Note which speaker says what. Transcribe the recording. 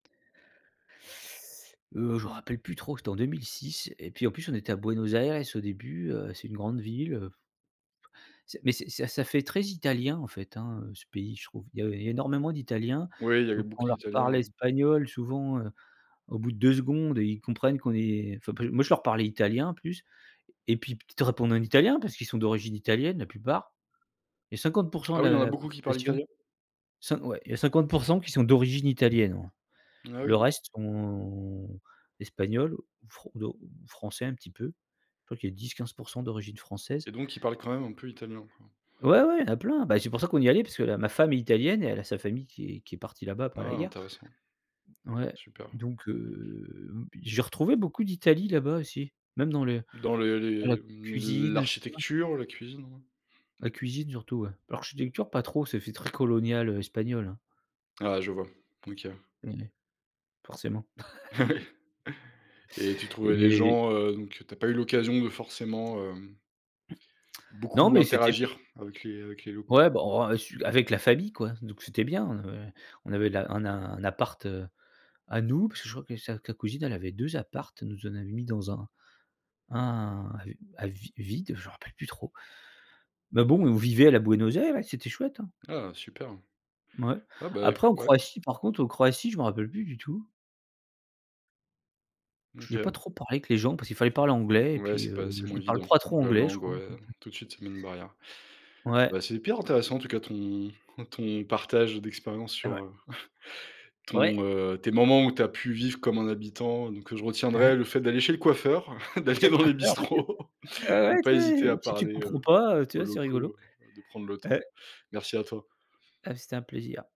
Speaker 1: Heu, je m'en rappelle plus trop c'était en 2006 et puis en plus on était à Buenos Aires au début, heu, c'est une grande ville, heu, f C'est mais c'est c'est ça fait très italien en fait, hein, heu, ce pays je trouve. Il y avait énormément d'italiens,
Speaker 2: Oui, il y avait
Speaker 1: donc
Speaker 2: beaucoup
Speaker 1: on leur
Speaker 2: d'italiens,
Speaker 1: parlait
Speaker 2: hein.
Speaker 1: espagnol souvent, heu, au bout de 2 secondes et ils comprennent qu'on est enfin p moi je leur parlais italien en plus et puis p ils te répondent en italien parce qu'ils sont d'origine italienne la plupart. Il y a 50 %
Speaker 2: Ah
Speaker 1: de
Speaker 2: oui, il y a
Speaker 1: la
Speaker 2: beaucoup qui parlent
Speaker 1: population,
Speaker 2: italien?
Speaker 1: cin ouais il y a 50 % qui sont d'origine italienne, ouais.
Speaker 2: Ah
Speaker 1: Le
Speaker 2: oui.
Speaker 1: reste sont espagnols ou fr de français un petit peu. Je crois qu'il y 10-15 % d'origine française.
Speaker 2: Et donc ils parlent quand même un peu italien, quoi.
Speaker 1: Ouais ouais, il y en a plein. Bah, c'est pour ça qu'on y est allés parce que ma femme est italienne et elle a sa famille qui est qui est partie là-bas après la
Speaker 2: Ah,
Speaker 1: guerre.
Speaker 2: Intéressant.
Speaker 1: Ouais
Speaker 2: Super.
Speaker 1: donc heu, b j'ai retrouvé beaucoup d'Italie là bas, aussi même dans les
Speaker 2: Dans les
Speaker 1: dans la
Speaker 2: les m
Speaker 1: cuisine, heu, tout ça.
Speaker 2: l'architecture, la cuisine?
Speaker 1: La cuisine surtout, ouais. L'architecture pas trop, ça fait très colonial, heu, espagnol, hein.
Speaker 2: Ah, je vois. OK.
Speaker 1: Ouais. Forcément.
Speaker 2: Ah oui et tu trouvais les
Speaker 1: Et
Speaker 2: gens, heu, donc, heu, tu as pas eu l'occasion de forcément, hem
Speaker 1: Non
Speaker 2: beaucoup
Speaker 1: mais c'était bi
Speaker 2: interagir avec les avec les locaux.
Speaker 1: Ouais bon, heu, su avec la famille quoi. Donc c'était bien. On avait on avait la un a un appart, heu, à nous parce que je crois que sa sa cousine elle avait 2 apparts, elle nous en avait mis dans un un à vi vide, je me rappelle plus trop. Mais bon, on vivait à la Buenos Aires, c'était chouette, hein.
Speaker 2: Ah Super.
Speaker 1: Mouais
Speaker 2: Ah bah, éc
Speaker 1: après en
Speaker 2: ouais.
Speaker 1: Croatie par contre, en Croatie, je m'en rappelle plus du tout.
Speaker 2: Mmh
Speaker 1: J'ai pas
Speaker 2: OK.
Speaker 1: trop parlé avec les gens parce qu'il fallait parler anglais et
Speaker 2: Ouais,
Speaker 1: puis,
Speaker 2: c'est pas
Speaker 1: heu,
Speaker 2: c'est moins
Speaker 1: ils parlent
Speaker 2: évident,
Speaker 1: pas trop
Speaker 2: la
Speaker 1: anglais je
Speaker 2: langue
Speaker 1: crois.
Speaker 2: ouais,
Speaker 1: [unintelligible]
Speaker 2: tout de suite ça met une barrière.
Speaker 1: Ouais.
Speaker 2: Bah, c'est hyper intéressant, en tout cas, ton ton partage d'expérience
Speaker 1: Eh
Speaker 2: sur,
Speaker 1: ouais.
Speaker 2: heu, ton,
Speaker 1: Ouais.
Speaker 2: heu, tes moments où tu as pu vivre comme un habitant. Donc, heu, je
Speaker 1: Ouais.
Speaker 2: retiendrai le fait d'aller chez le coiffeur,
Speaker 1: Va chez
Speaker 2: d'aller
Speaker 1: le
Speaker 2: dans les
Speaker 1: coiffeur. [unintelligible]
Speaker 2: bistrots,
Speaker 1: Ah
Speaker 2: de
Speaker 1: ouais
Speaker 2: pas
Speaker 1: tu
Speaker 2: hésiter
Speaker 1: es,
Speaker 2: à
Speaker 1: si tu
Speaker 2: parler,
Speaker 1: comprends
Speaker 2: heu,
Speaker 1: pas, heu, tu
Speaker 2: aux
Speaker 1: vois, c'est rigolo.
Speaker 2: locaux, heu, de prendre le temps.
Speaker 1: Ouais.
Speaker 2: Merci à toi.
Speaker 1: Heu, c'était un plaisir.